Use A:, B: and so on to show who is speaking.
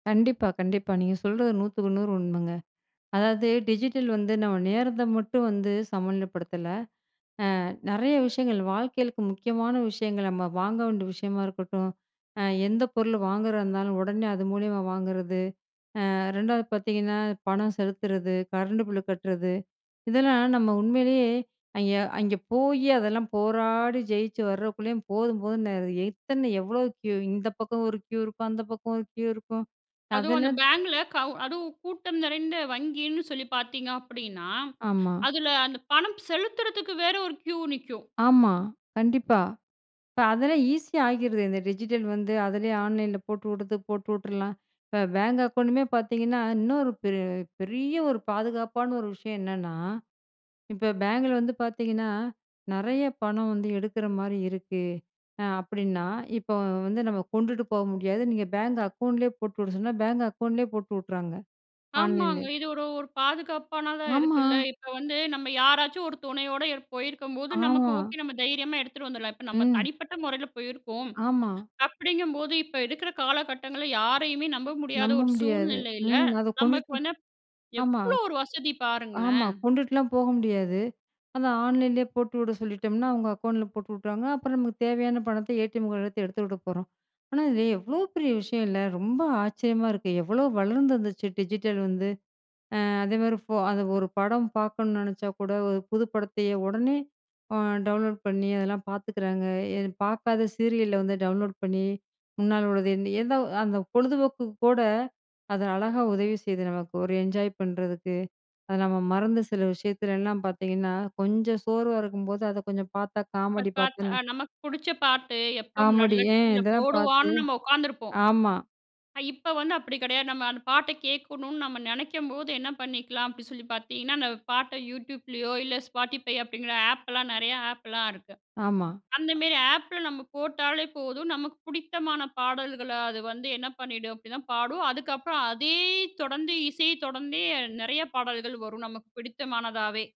A: கண்டிப்பா, கண்டிப்பா. நீங்க சொல்றது 100க்கு 100 உண்மங்க. அதாவது, டிஜிட்டல் வந்து நம்ம நேரத்த மட்டும் வந்து, சமநிலைப்படுத்தல. அ, நெறைய விஷயங்கள், வாழ்க்கையிலுக்கு முக்கியமான விஷயங்கள், நம்ம வாங்க வேண்டிய விஷயமா இருக்கட்டும், அ எந்த பொருள் வாங்குறதா இருந்தாலும், உடனே அது மூலியமா வாங்குறது. அ 2ஆவது பார்த்தீங்கன்னா, பணம் செலுத்துறது, கரண்ட் பில் கட்டுறது. இதெல்லாம் நம்ம உண்மையிலயே, அங்கே அங்கே போய், அதெல்லாம் போராடி ஜெயிச்சு வர்றக்குள்ளயும் போதும் போதுன்னு ஆயிடுது. இத்தன எவ்ளோ க்யூ? இந்த பக்கம் ஒரு க்யூ இருக்கும். அந்த பக்கம் ஒரு க்யூ இருக்கும்.
B: அதுவும் அந்த
A: அதெல்லாம்
B: பேங்க்ல, கவு அதுவும் கூட்டம் நிறைந்த வங்கின்னு சொல்லி பார்த்தீங்க அப்படின்னா,
A: ஆமா.
B: அதுல அந்த பணம் செலுத்துறதுக்கு வேற ஒரு க்யூ நிக்கும்.
A: ஆமா. கண்டிப்பா. இப்ப அதெல்லாம் ஈஸியா ஆகிடுது, இந்த டிஜிட்டல் வந்து, அதிலேயே ஆன்லைன்ல போட்டுவுடுது, போட்டுவுட்டுரலாம். இப்போ பேங்க் அக்கவுண்டுமே பார்த்தீங்கன்னா, இன்னும் ஒரு பெ பெரிய ஒரு பாதுகாப்பான ஒரு விஷயம் என்னன்னா? இப்ப பேங்க்ல வந்து பார்த்தீங்கன்னா, நெறைய பணம் வந்து எடுக்கற மாரி இருக்கு, அ அப்படின்னா, இப்போ வந்து நம்ம கொண்டுட்டு போக முடியாது. நீங்க பேங்க் அக்கவுண்ட்லயே போட்டு விட சொன்னா, பேங்க் அக்கவுண்ட்லயே போட்டு விட்டுர்றாங்க,
B: ஆமாங்க.
A: ஆன்லைன்லயே.
B: இது ஒரு ஒரு பாதுகாப்பானதா
A: ஆமா.
B: இருக்குல்ல. இப்போ வந்து நம்ம யாராச்சும் ஒரு துணையோட இருப்போ இருக்கும்போது, நமக்கு
A: ஆமா.
B: ஓகே, நம்ம தைரியமா எடுத்துட்டு வந்துரலாம். இப்போ நம்ம
A: ம்.
B: தனிப்பட்ட முறையில போயிருக்கோம்.
A: ஆமா.
B: அப்படிங்கும்போது, இப்போ இருக்கற காலகட்டங்கள்ல யாரையுமே நம்ப முடியாத
A: நம்ப
B: ஒரு
A: முடியாது.
B: சூழ்நிலையில,
A: ம். அதை
B: நமக்கு
A: கொண்டுட்டு
B: வந்து
A: ஆமா.
B: எவ்ளோ ஒரு வசதி
A: ஆமா,
B: பாருங்களேன்!
A: கொண்டுட்டுலாம் போக முடியாது. அதான், ஆன்லைன்லயே போட்டு விட சொல்லிட்டோம்னா, அவங்க அக்கவுண்ட்ல போட்டு விட்டுருவாங்க. அப்புறம் நமக்கு தேவையான பணத்த ஏ.டி.எம். கார்டு வச்சு எடுத்துவுடப்போறோம். ஆனா, இது எவ்ளோ பெரிய விஷயம் இல்ல? ரொம்ப ஆச்சரியமா இருக்கு. எவ்ளோ வளர்ந்து வந்துருச்சு, டிஜிட்டல் வந்து. அ அதேமாதிரி ஃபோ அது ஒரு படம் பார்க்கணும் நெனைச்சா கூட, ஒரு புது படத்தையே, உடனே அ, டவுன்லோட் பண்ணி, அதெல்லாம் பாத்துக்கிறாங்க. எ பாக்காத சீரியல்ல வந்து, டவுன்லோட் பண்ணி, முன்னால உள்ளது எந்த அந்த பொழுதுபோக்குக்கு கூட, அதை அழகா உதவி செய்யுது நமக்கு. ஒரு என்ஜாய் பண்ணுறதுக்கு. அது நம்ம மறந்த சில விஷயத்துலலாம் பார்த்தீங்கன்னா, கொஞ்சம் சோர்வா இருக்கும்போது, அதை கொஞ்சம் பார்த்தா காமெடி
B: பார்த்தா, அ
A: பார்த்துன்னா
B: நமக்கு புடிச்ச பாட்டு, எப்போ
A: காமடி.
B: முன்னாடியலாம்
A: அ
B: டிவியில
A: இதெல்லாம் பார்த்து
B: போடுவான்னு நம்ம உக்காந்துருப்போம்.
A: ஆமா.
B: அ இப்ப வந்து அப்படி கிடையாது. நம்ம அந்த பாட்ட கேட்கணும்னு நம்ம நினைக்கும்போது, என்ன பண்ணிக்கலாம் அப்படின்னு சொல்லி பார்த்தீங்கன்னா, அந்த பாட்ட YouTubeலயோ, இல்ல Spotify அப்படிங்கிற ஆப்லாம், நிறைய ஆப்லாம், இருக்கு.
A: ஆமா.
B: அந்தமாரி ஆப்ல நம்ம போட்டாலே போதும். நமக்கு புடித்தமான பாடல்கள அது வந்து என்ன பண்ணிடும் அப்டின்னா, பாடும் அதுக்கப்புறம், அதே தொடர்ந்து, இசைய தொடர்ந்தே, நிறைய பாடல்கள் வரும் நமக்கு பிடித்தமானதாவே.